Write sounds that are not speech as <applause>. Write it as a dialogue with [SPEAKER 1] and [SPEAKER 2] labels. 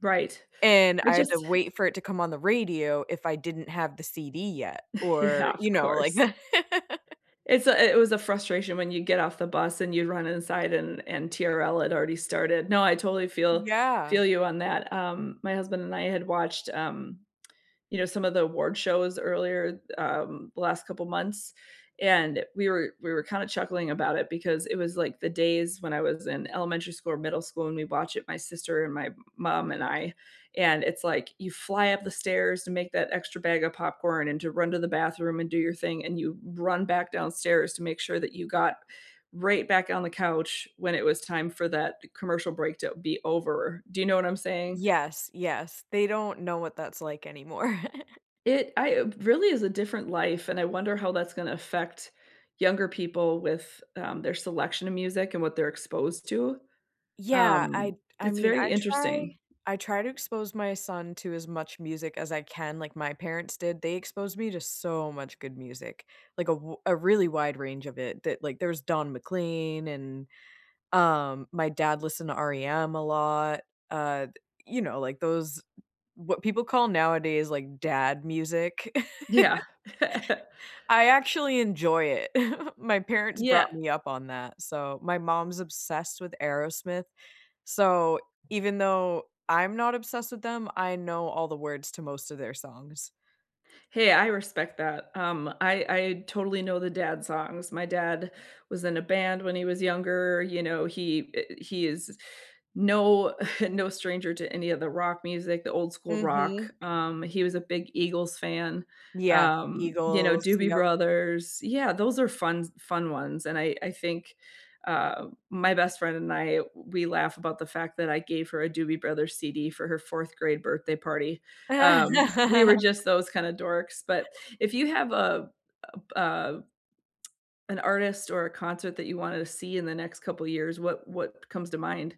[SPEAKER 1] Right,
[SPEAKER 2] And
[SPEAKER 1] I
[SPEAKER 2] I had to
[SPEAKER 1] just
[SPEAKER 2] wait for it to come on the radio if I didn't have the CD yet
[SPEAKER 1] Yeah,
[SPEAKER 2] or, you
[SPEAKER 1] of
[SPEAKER 2] know, like
[SPEAKER 1] course.
[SPEAKER 2] that. <laughs>
[SPEAKER 1] It's a i it was a frustration when you get off the bus and you'd run inside and and TRL had already started. No, I totally feel
[SPEAKER 2] Yeah.
[SPEAKER 1] feel you on that, um, my husband and I had watched, um, you know, some of the award shows earlier, um, the last couple months, and we were we were kinda chuckling about it because it was like the days when I was in elementary school or middle school and we'd watch it, my sister and my mom and I, and it's, like, you fly up the stairs to make that extra bag of popcorn and to run to the bathroom and do your thing and you run back downstairs to make sure that you got right back on the couch when it was time for that commercial break to be over, do you know what I'm saying?
[SPEAKER 2] Yes, yes, they don't know what that's like anymore.
[SPEAKER 1] It I uh, really is a different life and I wonder how that's gonna affect younger people with, um, their selection of music and what they're exposed to?
[SPEAKER 2] Yeah, I'd
[SPEAKER 1] Um,
[SPEAKER 2] I
[SPEAKER 1] it's
[SPEAKER 2] mean, I
[SPEAKER 1] very
[SPEAKER 2] try
[SPEAKER 1] interesting.
[SPEAKER 2] I try to expose my son to as much music as I can, like my parents did, they exposed me to so much good music, like a w a really wide range of it that like, there's Don McLean and, um, my dad listened to REM a lot, uh, th you know, like, those what people call nowadays, like, dad music.
[SPEAKER 1] Yeah. <laughs>
[SPEAKER 2] <laughs> I actually enjoy it. <chuckles> My parents brought
[SPEAKER 1] Yeah.
[SPEAKER 2] me up on that, so my mom's obsessed with Aerosmith, so, even though I'm not obsessed with them, I know all the words to most of their songs.
[SPEAKER 1] Hey, I respect that, um, I I totally know the dad songs, my dad was in a band when he was younger, you know, he eh, he is no, <chuckles> no stranger to any of the rock music, the old school rock,
[SPEAKER 2] Mhm.
[SPEAKER 1] um, he was a big Eagles fan,
[SPEAKER 2] Yeah,
[SPEAKER 1] um, you know,
[SPEAKER 2] Eagles,
[SPEAKER 1] Doobie
[SPEAKER 2] yup.
[SPEAKER 1] Brothers, yeah, those are funs fun ones, and I I think, uh, my best friend and I, we laugh about the fact that I gave her a Doobie Brothers CD for her 4th grade birthday party, um, we were
[SPEAKER 2] <laughs>
[SPEAKER 1] just those kinda dorks, but if you have a uh a an artist or a concert that you wanted to see in the next couple years, what what comes to mind?